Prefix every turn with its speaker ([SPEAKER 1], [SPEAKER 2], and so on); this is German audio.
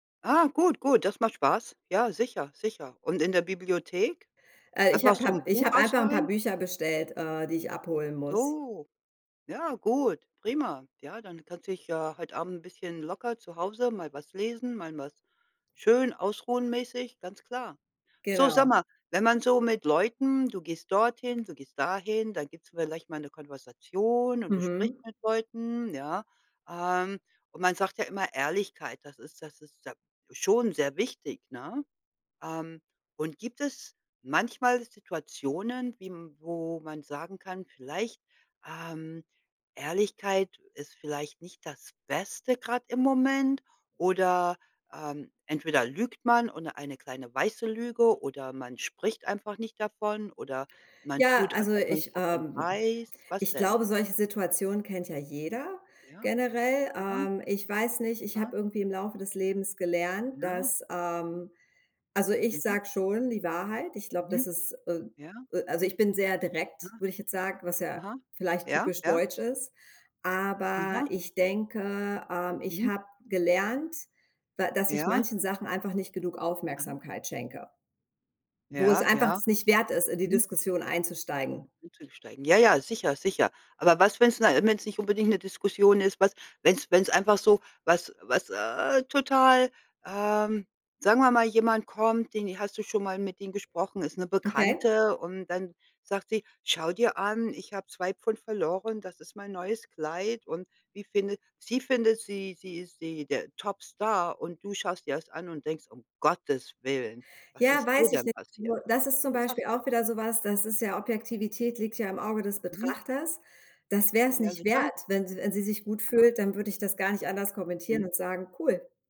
[SPEAKER 1] Ah, gut, gut, das macht Spaß. Ja, sicher, sicher, und in der Bibliothek?
[SPEAKER 2] Äh, ich
[SPEAKER 1] Einfach
[SPEAKER 2] habe
[SPEAKER 1] so
[SPEAKER 2] habe
[SPEAKER 1] 'n
[SPEAKER 2] ich
[SPEAKER 1] Buch
[SPEAKER 2] habe einfach 'n paar
[SPEAKER 1] ausleihen?
[SPEAKER 2] Bücher bestellt, äh, die ich abholen muss.
[SPEAKER 1] So. Ja, gut, prima. Ja, dann kannst du dich ja heute Abend ’n bisschen locker zu Hause mal was lesen, mal was schön ausruhen mäßig, ganz klar. So, sag
[SPEAKER 2] Genau.
[SPEAKER 1] mal, wenn man so mit Leuten du gehst dorthin, du gehst dahin, dann gibt's vielleicht mal 'ne Konversation und du sprichst
[SPEAKER 2] Mhm.
[SPEAKER 1] mit Leuten, ja, ähm, und man sagt ja immer Ehrlichkeit, das ist das ist ja schon sehr wichtig, ne? Ähm, und gibt es manchmal Situationen, wie m wo man sagen kann: „Vielleicht ähm, Ehrlichkeit ist vielleicht nicht das Beste grad im Moment“, oder „Ähm, entweder lügt man“, und oder „Eine kleine weiße Lüge“, oder „Man spricht einfach nicht davon“, oder „Man
[SPEAKER 2] Ja,
[SPEAKER 1] tut, als
[SPEAKER 2] also
[SPEAKER 1] ob man nicht
[SPEAKER 2] ich
[SPEAKER 1] davon
[SPEAKER 2] ähm,
[SPEAKER 1] weiß.“ Was
[SPEAKER 2] ich
[SPEAKER 1] denn?
[SPEAKER 2] glaube, solche Situationen kennt ja jeder
[SPEAKER 1] Ja.
[SPEAKER 2] generell.
[SPEAKER 1] Aha.
[SPEAKER 2] Ähm, ich weiß nicht, ich
[SPEAKER 1] Ah.
[SPEAKER 2] habe irgendwie im Laufe des Lebens gelernt,
[SPEAKER 1] Ja.
[SPEAKER 2] dass ähm, also, ich
[SPEAKER 1] Mhm.
[SPEAKER 2] sage schon die Wahrheit. Ich glaube,
[SPEAKER 1] Mhm.
[SPEAKER 2] das ist äh,
[SPEAKER 1] Ja.
[SPEAKER 2] äh, also ich bin sehr
[SPEAKER 1] Ja.
[SPEAKER 2] direkt, würde ich jetzt sagen, was ja
[SPEAKER 1] Aha.
[SPEAKER 2] vielleicht
[SPEAKER 1] Ja,
[SPEAKER 2] typisch
[SPEAKER 1] ja.
[SPEAKER 2] deutsch ist. Aber
[SPEAKER 1] Aha.
[SPEAKER 2] ich denke, ähm, ich
[SPEAKER 1] Mhm.
[SPEAKER 2] habe gelernt, da dass ich
[SPEAKER 1] Ja.
[SPEAKER 2] manchen Sachen einfach nicht genug
[SPEAKER 1] Aha.
[SPEAKER 2] Aufmerksamkeit schenke wo es
[SPEAKER 1] Ja,
[SPEAKER 2] einfach
[SPEAKER 1] ja.
[SPEAKER 2] es nicht wert ist, in die
[SPEAKER 1] Mhm.
[SPEAKER 2] Diskussion einzusteigen.
[SPEAKER 1] Einzusteigen. Ja, ja, sicher, sicher. Aber was, wenn's na wenn's nicht unbedingt 'ne Diskussion ist, was wenn's wenn's einfach so, was was, äh, total ähm, sagen wir mal, jemand kommt, den i hast du schon mal mit ihm gesprochen, ist 'ne
[SPEAKER 2] Okay.
[SPEAKER 1] Bekannte und dann sagt sie: „Schau dir an, ich habe 2 Pfund verloren, das ist mein neues Kleid.“ Und wie findet sie findet sie sie ist sie, der Topstar und du schaust dir das an und denkst: „Um Gottes Willen, was
[SPEAKER 2] Ja,
[SPEAKER 1] ist dir
[SPEAKER 2] weiß ich
[SPEAKER 1] denn
[SPEAKER 2] nicht.
[SPEAKER 1] passiert?“
[SPEAKER 2] Nur, das ist zum
[SPEAKER 1] Was
[SPEAKER 2] Beispiel
[SPEAKER 1] sagst du?
[SPEAKER 2] auch wieder so was, das ist ja Objektivität liegt ja im Auge des
[SPEAKER 1] Mhm.
[SPEAKER 2] Betrachters. Das wär's
[SPEAKER 1] Ja,
[SPEAKER 2] nicht wert,
[SPEAKER 1] sicher.
[SPEAKER 2] wenn sie wenn sie sich gut
[SPEAKER 1] Aha.
[SPEAKER 2] fühlt, dann würde ich das gar nicht anders kommentieren
[SPEAKER 1] Mhm.
[SPEAKER 2] und sagen: „Cool!“